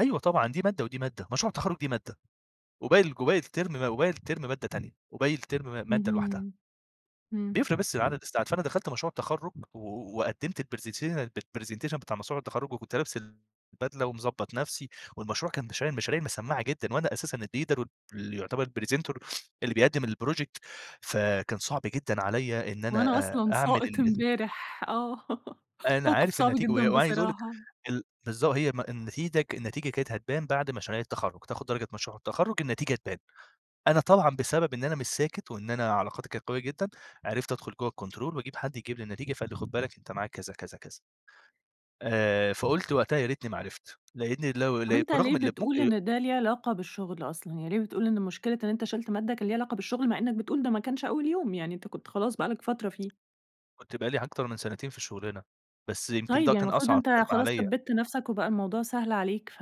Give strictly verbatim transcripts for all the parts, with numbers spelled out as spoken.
أيوه، طبعًا دي مادة ودي مادة مشروع التخرّج دي مادة، وباقي الج وباقي الترم م وباقي الترم مادة تانية، وباقي الترم م مادة لوحدها. اهم، إمم. بيفرِق بس في عدد الساعات، فأنا دخلت مشروع التخرُّج و وقدِّمت presettiation الpresentation بتاع مشروع التخرُّج، وكنت لابس البدلة ومضبط نفسي، والمشروع كان مشاريع مشاريع مسمعّة جدًا، وأنا أساسًا الleader واللي يعتبر presenter اللي بيقدم الproject فكان صعب جدًا عليَّ إن أنا وأنا آآ، أصلًا أعمل ساقط ال امبارح، آه، أنا موقف عارف صعب النتيجة و جدًا وعايز أقول لِك بصراحة. ال بالضبط، هي م النتيدة ك النتيجة كانت هتبان بعد مشاريع التخرُّج تاخد درجة مشروع التخرُّج، النتيجة تبان، أنا طبعًا بسبب إن أنا مش ساكت، وإن أنا علاقاتي كانت قوية جدًا، عرفت أدخل جوّه الكنترول وأجيب حد يجيب لي النتيجة، فقال لي خد بالك أنت معاك كذا، كذا، كذا. آآ، فقُلت وقتها يا ريتني ما عرفت، لأني لو طب ل أنت ليه برغم اللي [unintelligible] بتقول آآ إن ده ليه علاقة بالشغل أصلًا، يعني ليه بتقول إن مشكلة إن أنت شِلت مادة كان ليه علاقة بالشغل، مع إنك بتقول ده ما كانش أول يوم، يعني أنت كنت خلاص بقى لك فترة فيه؟ كنت بقى لي أكتر من سنتين في الشغلانة بس يمكن طيب ده يعني كان المفروض أصعب أنت ترم خلاص عليَّ. ثبِّتّ نفسك، وبقى الموضوع سهل عليك، ف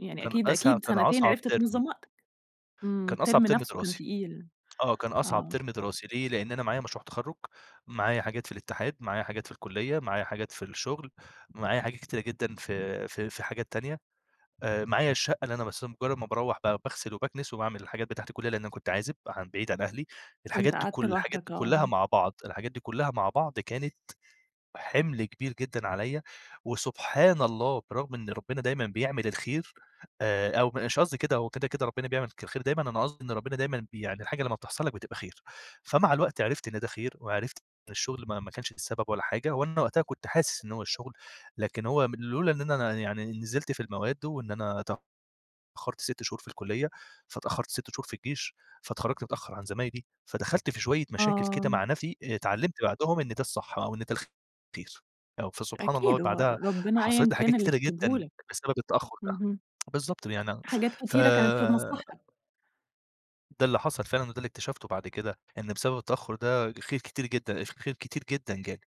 يعني كان أكيد، أسه أكيد كان سنتين أصعب عرفت ترم. تنظَّم وقتك، إمم، كان أصعب الترم ترم نفسُه كان دراسي، تقيل، آه، كان أصعب آه. ترم دراسي ليه؟ لأن أنا معايا مشروع تخرُّج، معايا حاجات في الاتحاد، معايا حاجات في الكُلّية، معايا حاجات في الشغل، معايا حاجات كتيرة جدًا في في في حاجات تانية آآ، معايا الشقة اللي أنا بس مجرد ما باروَّح ب باغسل وباكنس وباعمل الحاجات بتاعة الكُلّية، لأن أنا كنت عازب عن بعيد عن أهلي الحاجات كنت دي قعدت كل الحاجات لوحدك، دي كُلَّها آه. مع بعض الحاجات دي كُلَّها مع بعض، كانت حِمل كبير جدًا عليَّ وسبحان الله برغم إن ربنا دايمًا بيعمل الخير آآ، أو مش قصدي كده هو كده، كده ربنا بيعمل ك الخير دايمًا، أنا قصدي إن ربنا دايمًا بي يعني الحاجة لما بتحصل لك بتبقى خير، فمع الوقت عرفت إن ده خير وعرفت إن الشغل ما ما كانش ده السبب ولا حاجة، وأنا وقتها كنت حاسس إن هو الشغل، لكن هو لولا إن أنا أنا يعني نزلت في المواد، وإن أنا ت تأخرت سِتّ شهور في الكُلّية، فاتأخرت سِتّ شهور في الجيش فاتخرّجت متأخر عن زمايلي، فدخلت في شوية مشاكل كده آه. مع نفسي اتعلّمت بعدهم إن ده الصح، أو إن ده الخير، آه فسبحان الله أكيد، هو بعدها ربنا حصلت أيًا لي حاجات كان اللي كتيرة كاتبه جدًا لك، بسبب التأخر ده، اهم. بالضبط يعني حاجات ف كتيرة كانت في مصلحتك. ده اللي حصل فعلًا، وده اللي اكتشفته بعد كده، إن بسبب التأخر ده، خير كتير جدًا، الخير كتير جدًا جالي.